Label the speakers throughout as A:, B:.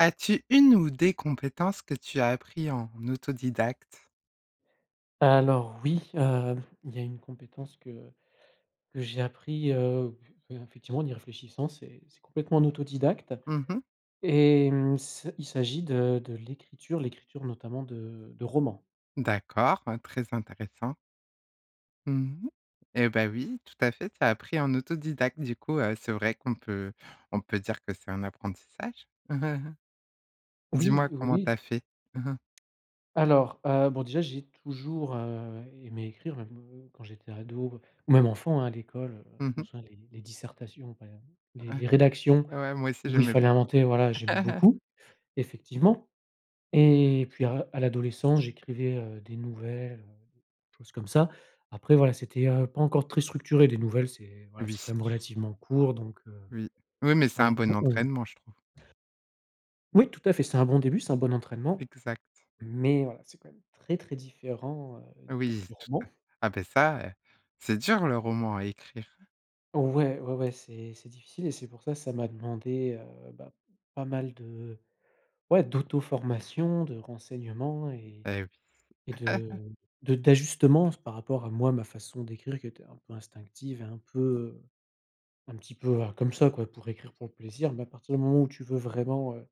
A: As-tu une ou des compétences que tu as appris en autodidacte?
B: Alors, oui, hem, il y a une compétence que que j'ai appris, heu, p effectivement, en y réfléchissant, c'est c'est complètement en autodidacte
A: Mmh mh.
B: et mmh, c'est il s'agit de de l'écriture, l'écriture notamment de de romans.
A: D'accord, hein, très intéressant. Mmh mh et bah, oui, tout à fait. Tu as appris en autodidacte. Du coup, heu, c'est vrai qu'on peut on peut dire que c'est un apprentissage.
B: Oui,
A: Dis-moi,
B: oui,
A: comment tu as
B: oui.
A: fait?
B: Alors, heu, bon, déjà, j'ai toujours, heu, aimé écrire même, heu, quand j'étais ado ou même enfant, hein. À l'école, heu, je
A: Mmh
B: m'en
A: mh.
B: souviens les les dissertations, hem, les
A: Ouais.
B: les rédactions
A: Ouais. Moi aussi,
B: où il
A: j'aimais
B: fallait
A: beaucoup.
B: inventer. Voilà, j'aimais beaucoup, effectivement et puis, à à l'adolescence, j'écrivais, heu, des nouvelles, heu, des choses, comme ça, après, voilà, c'était, heu, pas encore très structuré, des nouvelles, c'est voilà, c'est
A: Oui.
B: quand même relativement court donc, heu,
A: Oui. Oui, mais, c'est un
B: voilà.
A: bon
B: [unintelligible]
A: entraînement, je trouve.
B: Oui, tout à fait. C'est un bon début. C'est un bon entraînement,
A: Exact.
B: mais, heu, voilà, c'est quand même très, très différent, heu,
A: Oui,
B: du
A: tout à
B: roman.
A: ah beh, ça, heu, c'est dur le roman à écrire.
B: Ouais, ouais, ouais. C'est c'est difficile et c'est pour ça, ça m'a demandé, heu, bah pas mal de ouais, d'auto-formation, de renseignements et
A: Eh oui.
B: et de de d'ajustements par rapport à moi ma façon d'écrire qui était un peu instinctive et un peu, heu, un petit peu, heu, comme ça quoi pour écrire pour le plaisir. Mais à partir du moment où tu veux vraiment, heu,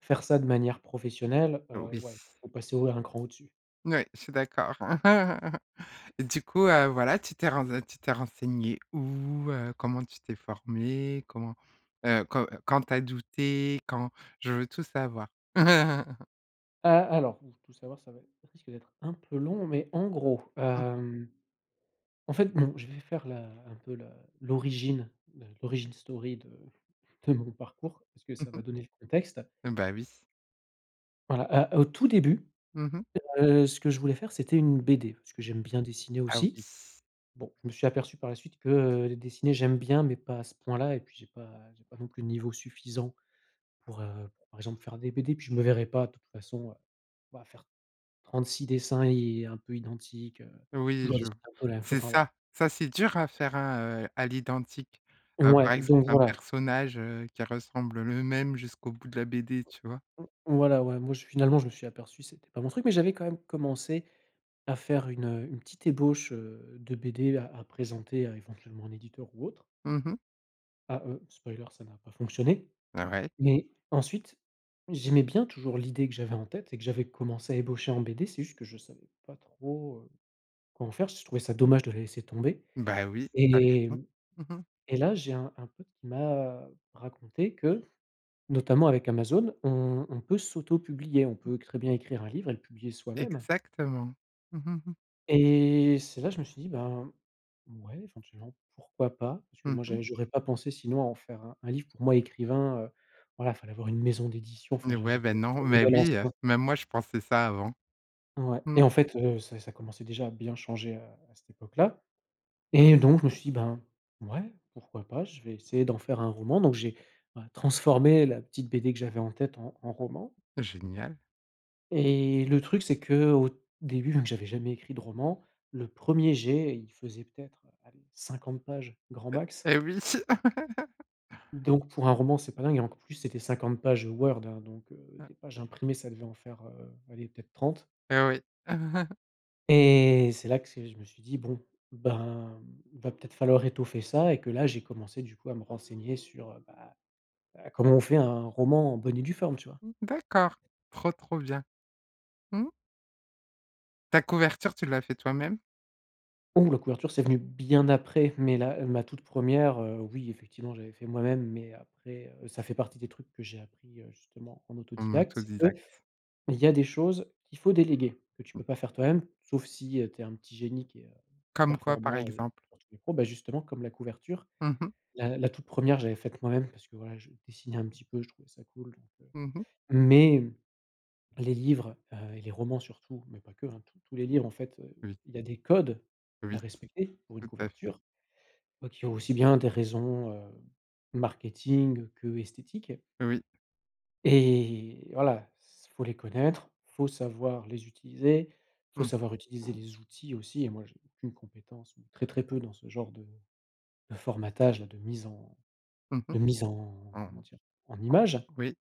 B: faire ça de manière professionnelle,
A: Oh
B: heu,
A: oui.
B: ouais, il faut passer au un cran au-dessus.
A: Oui, je suis d'accord. Du coup, heu, voilà, tu t'es ren tu t'es renseigné où, heu, comment tu t'es formé, comment, heu, quand quand tu as douté? Quand je veux tout savoir!
B: Ah, alors, ouh, tout savoir ça va ê ça risque d'être un peu long mais en gros,
A: Mmh.
B: hem, en fait, non, je vais faire la un peu la l'origine le l'origine story de de mon parcours parce que
A: Mmh
B: ça
A: mh.
B: va donner le contexte.
A: Mmh, bah oui.
B: Voilà, heu, au tout début,
A: Mmh mh.
B: heu, ce que je voulais faire, c'était une BD parce que j'aime bien dessiner
A: Ah oui.
B: aussi. Bon, je me suis aperçu par la suite que, heu, dessiner j'aime bien mais pas à ce point là et puis j'ai pas j'ai pas non plus le niveau suffisant pour, heu, par exemple faire des BD et puis je me verrais pas de toute façon, heu, bah, faire 36 dessins et un peu identiques, heu,
A: Oui
B: toujours
A: je
B: dessiner un peu la même chose,
A: c'est
B: enfin, voilà.
A: ça, ça c'est dur à faire, hein, heu, à l'identique. Heu, par
B: Ouais,
A: exemple
B: donc
A: un
B: voilà.
A: personnage, heu, qui ressemble le même jusqu'au bout de la BD, tu vois?
B: voilà, ouais, moi je finalement je me suis aperçu, c'était pas mon truc mais j'avais quand même commencé à faire une, heu, une petite ébauche, heu, de BD à à présenter éventuellement à un éditeur ou autre
A: Mmh mh.
B: ah, heu, spoiler ça n'a pas fonctionné.
A: Ah ouais.
B: Mais, ensuite j'aimais bien toujours l'idée que j'avais en tête et que j'avais commencée à ébaucher en BD c'est juste que je savais pas trop, heu, comment faire j je trouvais ça dommage de la laisser tomber
A: Bah oui, tu as
B: et
A: raison.
B: mmh
A: Mmh mh.
B: ...et là j'ai un un pote qui m'a raconté que, notamment avec Amazon on on peut s'auto-publier, on
A: Mmh.
B: peut très bien écrire un livre et le publier soi-même
A: Exactement.
B: et c'est là je me suis dit, ben, ouais, éventuellement pourquoi pas, parce que
A: Mmh
B: moi
A: mh.
B: j'ai j'aurais pas pensé sinon à en faire un un livre, pour moi écrivain, heu, voilà, il fallait avoir une maison d'édition enfin je
A: Ouais,
B: j'étais
A: bah
B: resté
A: non,
B: sur le
A: mais
B: modèle
A: oui, heu,
B: ancien.
A: même moi je pensais ça avant.
B: Ouais,
A: Mmh.
B: et en fait, heu, ça ça commençait déjà à bien changer à à cette époque-là. Et donc je me suis dit, ben, ouais, pourquoi pas, je vais essayer d'en faire un roman donc j'ai, ouais, transformé la petite BD que j'avais en tête en en roman
A: Génial.
B: et le truc c'est qu'au début, donc j'avais jamais écrit de roman, le 1er jet, il faisait peut-être, allez, 50 pages, grand
A: E
B: max.
A: eh oui.
B: Donc pour un roman c'est pas dingue et enc plus c'était 50 pages Word, hein, donc, heu,
A: Mmh.
B: des pages imprimées, ça devait en faire, heu, allez, peut-être 30.
A: Eh oui.
B: Et c'est là que c'est je me suis dit, bon, ben, il va peut-être falloir étoffer ça, et que là j'ai commencé du coup à me renseigner sur, heu, bah, heu, comment on fait un roman en bonne et due forme, tu vois?
A: Mmh, d'accord, trop, trop bien. Mmh. Ta couverture, tu l'as fait toi-même?
B: Ouh! La couverture c'est venu bien après mais la ma toute 1re, heu, oui effectivement j'avais fait moi-même, mais heu, après ça fait partie des trucs que j'ai appris, heu, justement en
A: En
B: autodidacte, c'est
A: autodidacte.
B: qu'il y a des choses qu'il faut déléguer, que tu peux pas faire toi-même sauf si, heu, tu es un petit génie qui est, heu,
A: Comme quoi, par
B: performant, heu,
A: exemple?
B: sur tous les points, bah justement comme la couverture.
A: Mmh mh.
B: La la toute 1re je l'avais faite moi-même parce que, voilà, je dessinais un petit peu, je trouvais ça cool, donc, heu,
A: Mmh mh.
B: mais les livres, heu, et les romans surtout mais pas que, hein, tous tous les livres en fait, heu,
A: Oui.
B: il y a des codes à
A: Oui,
B: respecter pour une
A: tout à fait.
B: couverture donc il y a aussi bien des raisons, heu, marketing que esthétiques
A: Oui.
B: et voilà, c'est il faut les connaître, faut savoir les utiliser, faut
A: Mmh.
B: savoir utiliser les outils aussi et moi j'ai aucune compétence ou très, très peu dans ce genre de de formatage-là, de mise en
A: Mmh mh.
B: de mise en
A: Mmh.
B: comment dire, en images.
A: Oui.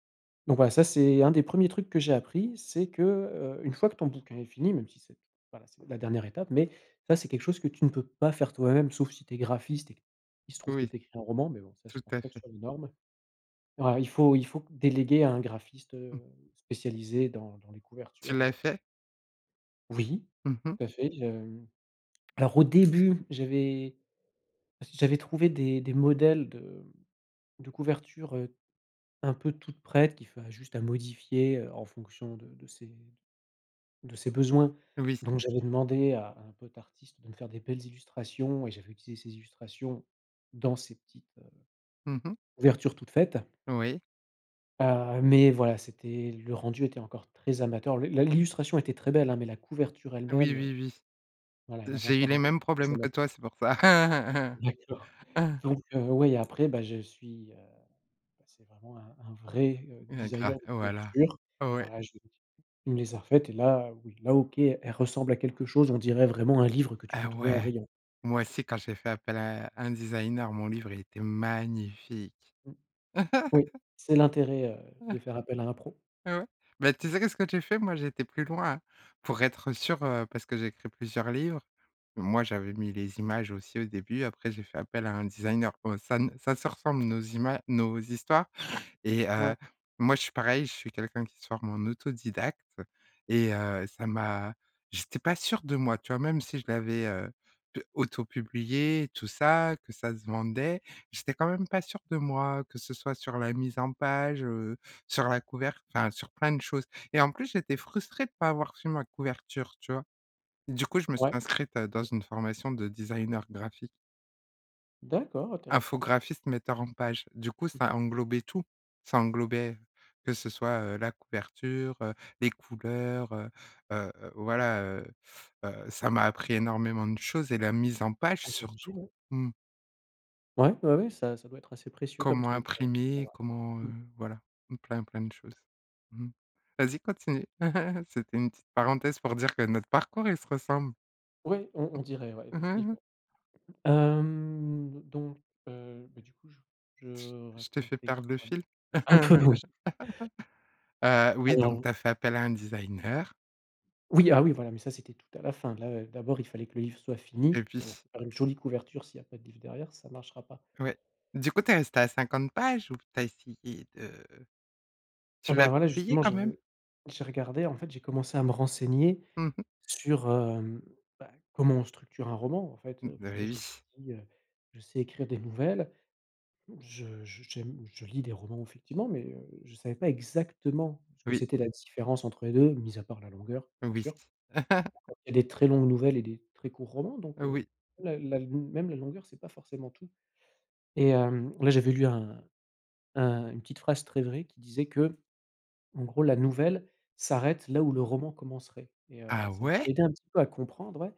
B: Donc voilà, ça c'est un des 1er trucs que j'ai appris c'est que, heu, une fois que ton bouquin est fini même si c'est voilà c'est la dernière étape, mais ça, c'est quelque chose que tu ne peux pas faire toi-même sauf si tu es graphiste et il se trouve que
A: Oui,
B: tu écris un roman mais bon ça je
A: tout
B: pense
A: à
B: pas que ce
A: fait.
B: soit les normes. Bah il faut il faut déléguer à un graphiste, heu,
A: Mmh.
B: spécialisé dans dans les
A: Tu
B: couvertures, heu.
A: l'as fait?
B: Oui,
A: Mmh mh.
B: tout à fait, je hem alors au début j'avais j'avais trouvé des des modèles de m de couvertures, heu, un peu toutes prêtes qui fa juste à modifier, heu, en fonction de de ses d de ses besoins
A: Oui.
B: donc j'avais demandé à un pote artiste de me faire des belles illustrations et j'avais utilisé ces illustrations dans ces petites, heu,
A: Mmh mh.
B: couvertures toutes faites.
A: Oui.
B: Heu, mais voilà, c'était le rendu était encore très amateur le la l'illustration était très belle, hein, mais la couverture
A: Oui,
B: elle-même,
A: oui,
B: voilà elle
A: oui.
B: avait
A: J'ai eu
B: encore un
A: les
B: rendu
A: mêmes
B: très
A: problèmes que
B: amateur.
A: toi, c'est pour ça.
B: D'accord, donc heu, ouais, après, bah, je suis, heu, passé vraiment à un un vrai, heu,
A: Heu, gra,
B: designer de
A: heu, voilà.
B: couverture,
A: Ouais.
B: voilà, je les il me les a refaites et là, oui, là, OK, elles ressemblent à quelque chose. On dirait vraiment un livre que tu
A: Ah
B: peux trouver en
A: ouais,
B: rayon.
A: moi aussi quand j'ai fait appel à un un designer, mon livre il était magnifique.
B: Mmh. Oui, c'est l'intérêt, heu, de faire appel à un pro.
A: Ah ouais, mais tu sais qu'est-ce que tu fais, moi j'ai été plus loin, hein, pour être sûr, heu, parce que j'ai écrit plusieurs livres. Moi, j'avais mis les images aussi au début, après j'ai fait appel à un designer, bon ça ne ça se ressemble nos ima nos histoires et, heu,
B: Ouais.
A: moi je suis pareil, je suis quelqu'un qui se forme en autodidacte et, heu, ça m'a j'étais pas sûr de moi, tu vois? Même si je l'avais, heu, d auto-publié, tout ça, que ça se vendait, j'étais quand même pas sûr de moi, que ce soit sur la mise en page, heu, sur la couver enfin sur plein de choses et en plus j'étais frustré de pas avoir fait ma couverture, tu vois? Du coup je me suis
B: Ouais.
A: inscrite à dans une formation de designer graphique.
B: D'accord, intéressant.
A: Infographiste, metteur en page, du coup
B: Mmh.
A: ça englobait tout, ça englobait, que ce soit, heu, la couverture, heu, les couleurs, heu heu heu, voilà, heu heu heu, ça m'a appris énormément de choses et la mise en page
B: Ah! j'imagine,
A: surtout.
B: ouais.
A: Mmh.
B: Ouais, ouais ouais, ça ça doit être assez précieux comme
A: Comment
B: truc, je
A: imprimer,
B: vois.
A: comment, heu,
B: Mmh.
A: voilà, plein, plein de choses. Mmh mh. Vas-y, continue. C'était une petite parenthèse pour dire que notre parcours il se ressemble.
B: Oui, on on dirait, ouais, effectivement. Hem, donc, heu, bah du coup je je
A: Je t je t'ai fait
B: racontais
A: perdre le
B: quoi?
A: fil.
B: Un peu oui.
A: Heu, oui, donc
B: Alors
A: tu as fait appel à un designer.
B: Oui, ah oui, voilà, mais ça c'était tout à la fin là, heu, d'abord il fallait que le livre soit fini,
A: Et
B: parce que bon,
A: puis?
B: faire une jolie couverture s'il y a pas de livre derrière, ça marchera pas.
A: Ouais, du coup tu es resté à 50 pages ou tu as essayé de
B: Ah
A: tu
B: bah,
A: l'as
B: voilà
A: publié,
B: justement
A: quand
B: j'ai
A: même?
B: j'ai regardé en fait, j'ai commencé à me renseigner
A: Mmh mh.
B: sur, hem, bah comment on structure un roman en fait.
A: Bah,
B: Parce que, bon,
A: eh
B: je me suis
A: oui.
B: dit, heu, je sais écrire des nouvelles, je j j'aime je lis des romans effectivement mais, heu, je savais pas exactement ce que
A: Oui.
B: c'était la différence entre les 2 mis à part la longueur, bien
A: Oui
B: sûr. Encore qu'il y a des très longues nouvelles et des très courts romans, donc,
A: heu,
B: heu,
A: oui.
B: même la la même la longueur, c'est pas forcément tout. Et hem, là, j'avais lu un un une petite phrase très vraie qui disait qu'en gros: «La nouvelle s'arrête, là où le roman commencerait» et heu,
A: Ah
B: ça m'a
A: ouais?
B: aidé un petit peu à comprendre, ouais,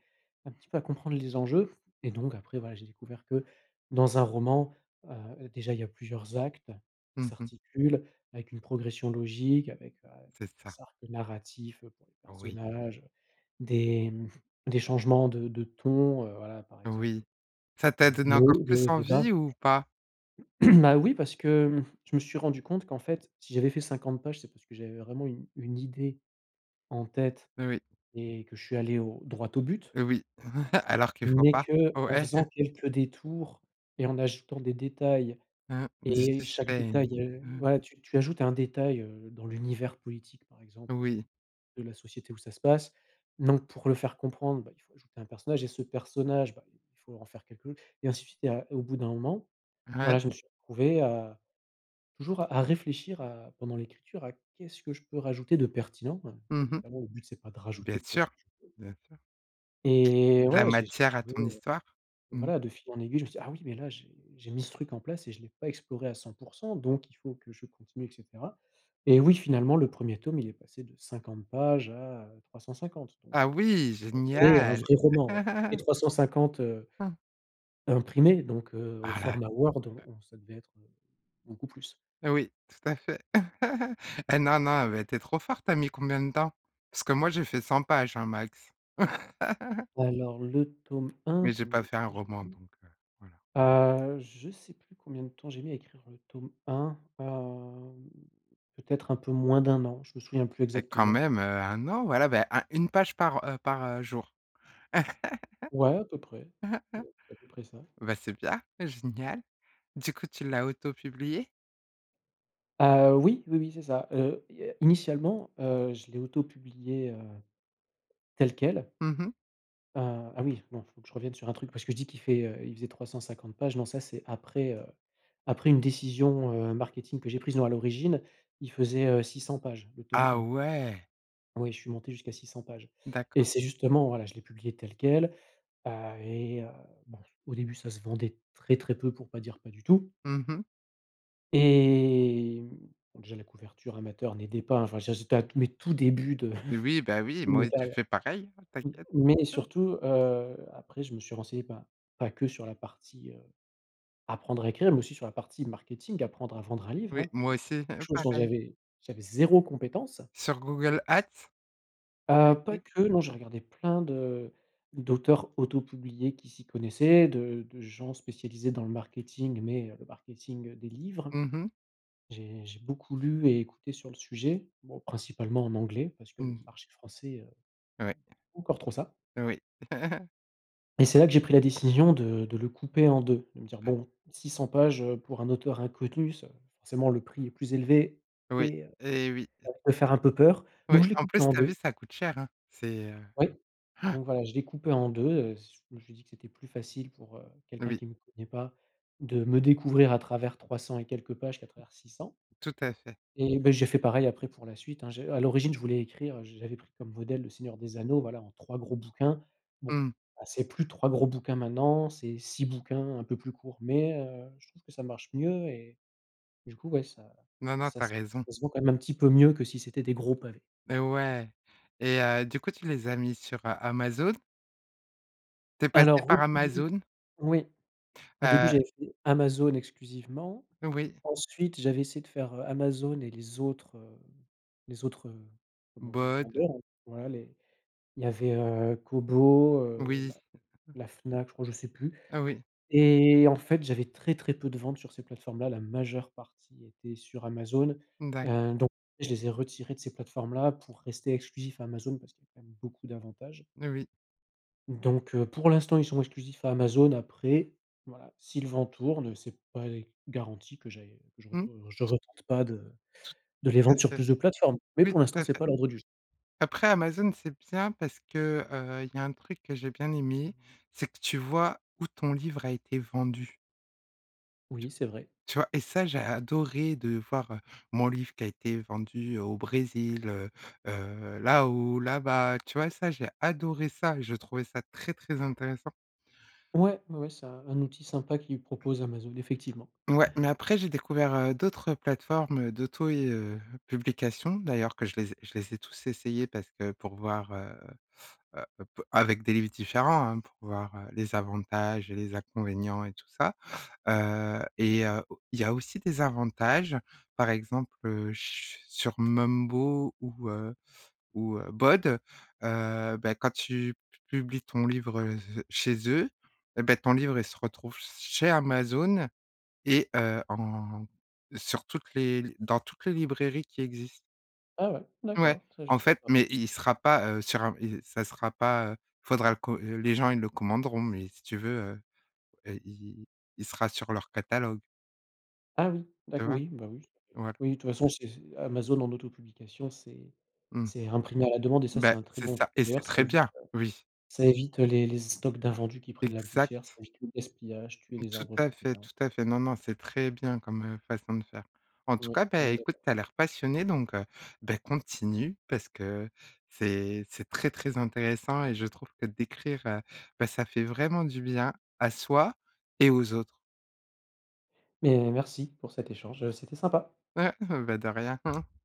B: un petit peu à comprendre les enjeux, et donc, après voilà, j'ai découvert que dans un roman, heu, déjà il y a plusieurs actes qui
A: Mmh mh.
B: s'articulent avec une progression logique avec, heu,
A: C'est ça.
B: des arcs narratifs pour les
A: Oui.
B: personnages, heu, des mmh, des changements de de ton, heu, voilà, par exemple,
A: Oui, ça t'a
B: des
A: donné
B: des
A: encore
B: hauts des
A: plus
B: hauts et des bas.
A: envie ou pas?
B: Bah oui, parce que hem, je me suis rendu compte qu'en fait si j'avais fait 50 pages, c'est parce que j'avais vraiment une une idée en tête
A: Oui. Oui.
B: et que je suis allé au droit au but.
A: Heu oui, alors que faut
B: Mais
A: pas.
B: qu'en
A: Ouais.
B: faisant quelques détours et en ajoutant des détails
A: Mmh mh. Du
B: et chaque
A: suspens.
B: détail, heu,
A: Mmh mh.
B: voilà, tu tu ajoutes un détail, heu, dans l'univers politique par exemple du
A: Oui.
B: de la société où ça se passe donc pour le faire comprendre, bah il faut ajouter un personnage et ce personnage, bah il faut en faire quelque et ainsi de suite et à et au bout d'un moment,
A: Ouais.
B: voilà, je me suis retrouvé à, toujours à à réfléchir à pendant l'écriture à: «Qu'est-ce que je peux rajouter de pertinent?», hein,
A: Mmh mh.
B: évidemment le but c'est pas de
A: Bien
B: rajouter
A: sûr,
B: pour rajouter
A: bien sûr
B: et
A: de la
B: ouais, j'ai j'ai
A: matière à
B: trouvé,
A: ton
B: heu,
A: histoire.
B: enfin
A: Mmh mh.
B: voilà, de fil en aiguille, je me suis dit: «Ah oui! Mais là, j'ai j'ai mis ce truc en place et je l'ai pas exploré à 100% donc il faut que je continue» et cetera, et oui, finalement le 1er tome il est passé de 50 pages à, heu, 350, donc,
A: Ah
B: heu,
A: oui,
B: un vrai un
A: génial!
B: vrai roman, ouais, et 350, heu,
A: Mmh.
B: imprimés, donc, heu, au
A: Ah là.
B: format Word, on on ça devait être, heu, beaucoup plus.
A: Ah oui, tout à fait. Heu, non, non, mais tu es trop fort, tu as mis combien de temps? Parce que moi, j'ai fait 100 pages, hein, max.
B: Alors, le tome 1
A: Mais j'ai
B: combien
A: pas
B: de
A: fait un
B: temps j'ai
A: roman,
B: mis?
A: donc, heu, voilà.
B: Heu, je sais plus combien de temps j'ai mis à écrire le tome 1, hem, peut-être un peu moins d'1 an, je me souviens plus
A: Et quand
B: exactement.
A: même, heu, 1 an, voilà bah 1 1 page par heu par heu jour.
B: Ouais, à peu près, c'est à peu près ça.
A: Bah c'est bien, génial. Du coup, tu l'as auto-publié?
B: Ah oui, oui, oui, c'est ça. Heu, il y a initialement, heu, je l'ai auto-publié, heu, tel quel
A: Mmh mh.
B: ah ah oui, non, il faut que je revienne sur un truc parce que je dis qu'il fait, heu heu, il faisait 350 pages, non ça c'est après, heu, après une décision, heu, marketing que j'ai prise. Non, à l'origine il faisait, heu, 600 pages, le tome
A: Ah
B: 1.
A: ouais!
B: Oui, je suis monté jusqu'à 600 pages et
A: D'accord.
B: c'est justement voilà, je l'ai publié tel quel, ah, et heu, bon, au début ça se vendait très, très peu pour pas dire, pas du tout.
A: Mmh mh.
B: Et mmh, bah déjà la couverture amateur n'aidait pas enfin, je veux dire j'étais à, mes tout débuts
A: Oui, bah oui,
B: de
A: moi
B: ma
A: j'ai
B: carrière
A: fait pareil, hein,
B: m
A: t'inquiète.
B: mais surtout, heu, après je me suis renseigné, bah, pas que sur la partie, heu, apprendre à écrire mais aussi sur la partie marketing, apprendre à vendre un livre,
A: Oui,
B: hein, parce que
A: moi
B: c'est
A: aussi
B: quelque chose dont
A: pareil!
B: j'avais j'avais 0 compétence.
A: Sur Google at. Tu as
B: Ah, pas
A: été?
B: que, non, j'ai regardé plein de d'auteurs auto-publiés qui s'y connaissaient, de de gens spécialisés dans le marketing mais, heu, le marketing, heu, des livres,
A: Mmh mh.
B: j'ai j'ai beaucoup lu et écouté sur le sujet, bon, principalement en anglais parce que le
A: Mmh.
B: marché français, heu, c'est
A: Ouais.
B: pas encore trop ça.
A: Oui.
B: Et c'est là que j'ai pris la décision de de le couper en 2, de me dire:
A: Ouais.
B: «Bon, 600 pages, heu, pour un auteur inconnu, ça forcément le prix est plus élevé
A: Oui
B: et heu,
A: et oui. Et
B: ça peut faire un peu peur»,
A: Oui,
B: donc je l'ai
A: en
B: coupé
A: plus
B: en
A: tu as
B: 2.
A: vu, ça coûte cher, hein. C'est, heu.
B: Oui, donc, voilà, je l'ai coupé en 2, heu, z je me suis dit que c'était plus facile, pour, heu, quelqu'un
A: Oui.
B: qui me connait pas, de me découvrir à travers trois cents et quelques pages qu'à travers 600.
A: Tout à fait.
B: Et bah, j'ai fait pareil après pour la suite, hein, je à l'origine, je voulais écrire, heu, j'avais pris comme modèle le Seigneur des Anneaux, voilà, en 3 gros bouquins, bon,
A: Mmh.
B: bah, c'est plus 3 gros bouquins maintenant, c'est 6 bouquins un peu plus courts. Mais, heu, je trouve que ça marche mieux et du coup, ouais, ça
A: Non, non,
B: ça
A: tu as
B: se
A: raison.
B: ça se vend quand même un petit peu mieux que si c'était des gros pavés.
A: Mais ouais et heu, du coup, tu les as mis sur Amazon? Tu es passé
B: Alors,
A: par
B: au début,
A: Amazon?
B: oui, au début,
A: Heu
B: j'avais fait Amazon exclusivement,
A: Oui.
B: ensuite, j'avais essayé de faire, heu, Amazon et les autres, heu, les autres, heu, comment on dit?
A: BoD.
B: Vendeurs, voilà, les il y avait, heu, Kobo, heu,
A: Oui.
B: la la Fnac, je crois, je sais plus
A: Oui.
B: et en fait, j'avais très, très peu de ventes sur ces plateformes là, la majeure partie était sur Amazon.
A: D'accord.
B: Heu, donc, je les ai retirés de ces plateformes là pour rester exclusif Amazon parce qu'il y a quand même beaucoup d'avantages
A: N oui.
B: donc, heu, pour l'instant, ils sont exclusifs à Amazon après, voilà, si le vent tourne, heu, c'est pas garanti que j'aille, heu, que je
A: Mmh.
B: retour heu, je retente pas de
A: Tou
B: de
A: tout
B: les
A: à
B: vendre sur
A: fait.
B: plus de plateformes. Mais
A: Oui,
B: pour l'instant,
A: tout à
B: c'est
A: fait.
B: pas à l'ordre du jour.
A: Après Amazon, c'est bien parce que, heu, il y a un truc que j'ai bien aimé, c'est que tu vois où ton livre a été vendu t
B: Oui, c'est vrai.
A: tu vois? Et ça, j'ai adoré de voir, heu, mon livre qui a été vendu au Brésil, heu, heu, là-haut, là-bas, tu vois, ça, j'ai adoré ça et j'ai trouvé ça très, très intéressant.
B: Ouais, ouais, ouais, c'est un un outil sympa qu'ils proposent, Amazon effectivement.
A: Ouais, mais après, j'ai découvert, heu, d'autres plateformes, heu, d'auto, i heu, publication, d'ailleurs, que je les ai je les ai tous essayées parce que pour voir, heu, heu, p avec des livres différents, hein, pour voir, heu, les avantages et les inconvénients et tout ça. Heu et heu, au il y a aussi des avantages, par exemple, heu, ch sur Mumbo ou, heu, ou, heu, BoD, heu, bah quand tu p publies ton livre, heu, je chez eux, eh bah, ton livre, il se retrouve s chez Amazon et heu, en sur toutes les l dans toutes les librairies qui existent.
B: Ah ouais,
A: Ouais,
B: d'accord, ça, je
A: en
B: savais
A: fait,
B: pas.
A: mais il sera pas, heu, sur un il s ça sera pas il faudra le co les gens, ils le commanderont, mais si tu veux, heu heu, il il sera sur leur catalogue
B: Ah, oui,
A: tu
B: dac
A: vois?
B: oui, bah, oui, ça fait
A: Voilà.
B: oui, toute façon, c'est c'est Amazon en auto-publication, c'est
A: Mmh.
B: c'est imprimé à la demande et ça, c'est
A: Bah,
B: un très
A: c'est
B: bon
A: ça
B: truc
A: et c'est
B: d'ailleurs, ça
A: très
B: évite,
A: bien,
B: heu,
A: oui.
B: ça évite, heu, les les stocks d'invendus qui prennent la poussière, ça
A: Exact.
B: évite le gaspillage, tuer les
A: Tout
B: arbres
A: à
B: pour
A: fait,
B: rien.
A: tout à fait, non, non, c'est très bien comme, heu, façon de faire. En tout
B: Ouais,
A: cas, bah
B: on est
A: écoute,
B: d'accord.
A: tu as l'air passionné, donc, heu, bah, continue parce que c'est c'est très, très intéressant et je trouve que d'écrire, heu, bah ça fait vraiment du bien à soi et aux autres.
B: Mais merci pour cet échange, heu, c'était sympa.
A: Ouais, bah, de rien.